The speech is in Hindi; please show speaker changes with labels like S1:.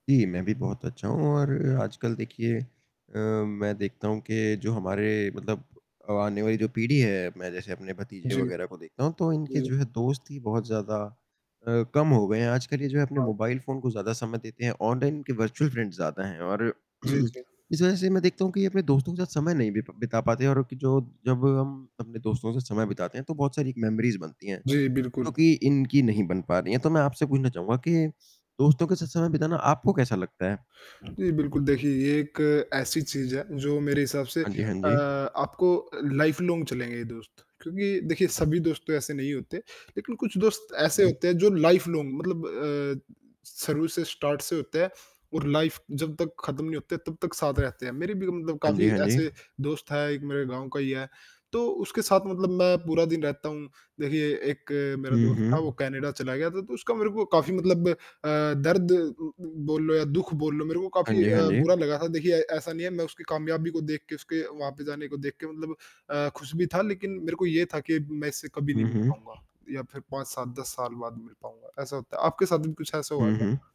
S1: जी, मैं भी बहुत अच्छा हूँ और आजकल देखिए अ, मैं देखता हूँ के जो हमारे मतलब अब आने वाली जो पीढ़ी है मैं जैसे अपने भतीजे
S2: जी।
S1: वग़ैरह को देखता हूँ, तो इनके
S2: जी।
S1: जो है दोस्त ही बहुत ज़्यादा अ, कम हो गए हैं। आजकल ये जो है अपने
S2: हाँ।
S1: मोबाइल फ़ोन को ज़्यादा समय देते हैं, ऑनलाइन के वर्चुअल फ्रेंड्स ज़्यादा हैं और,
S2: जी, जी।
S1: इस वजह से मैं देखता हूँ कि ये अपने दोस्तों के साथ समय नहीं बिप बिता पाते हैं और एक जो जब हम अपने दोस्तों से समय बिताते हैं तो बहुत सारी मेमोरीज़ बनती हैं,
S2: जी,
S1: जो
S2: बिल्कुल।
S1: कि इनकी नहीं बन पा रही है। तो मैं आपसे पूछना चाहूँगा कि दोस्तों के साथ समय बिताना आपको कैसा लगता है?
S2: जी, बिल्कुल देखिए ये एक ऐसी चीज़ है जो मेरे हिसाब से
S1: हाँ जी, हाँ
S2: अ,
S1: जी।
S2: आपको अ, लाइफ़ लॉन्ग चलेंगे ये दोस्त। क्योंकि देखिए सभी दोस्त तो ऐसे नहीं होते लेकिन कुछ दोस्त
S1: हुँ,
S2: ऐसे
S1: हुँ।
S2: होते हैं, जो लाइफ़ लॉन्ग मतलब अ, शुरू से, स्टार्ट से होते हैं, और लाइफ़ जब तक खत्म नहीं होते तब तक साथ रहते हैं। मेरे भी मतलब
S1: हाँ जी,
S2: काफ़ी
S1: हाँ जी।
S2: ऐसे दोस्त हैं, एक मेरे गाँव का ही है, तो उसके साथ मतलब मैं पूरा दिन रहता हूँ। देखिए एक मेरा
S1: हुँ,
S2: दोस्त था, वो
S1: हुँ।
S2: कनाडा चला गया था तो उसका मेरे को काफ़ी मतलब अ, दर्द उम, बोल लो या दुःख बोल लो, मेरे को
S1: हाँ
S2: काफ़ी
S1: जी, हाँ
S2: अ,
S1: जी।
S2: बुरा लगा था। देखिए ऐसा नहीं है मैं उसकी कामयाबी को देख के उसके वहाँ पे जाने को देख के मतलब अ, खुश भी था, लेकिन मेरे को ये था कि मैं इससे कभी नहीं
S1: हुँ,
S2: मिल
S1: हुँ।
S2: पाऊँगा, या फ़िर 5, 7, 10 साल बाद मिल पाऊँगा, ऐसा होता है। आपके साथ भी कुछ ऐसा हुआ
S1: हुँ, हुँ।
S2: क्या?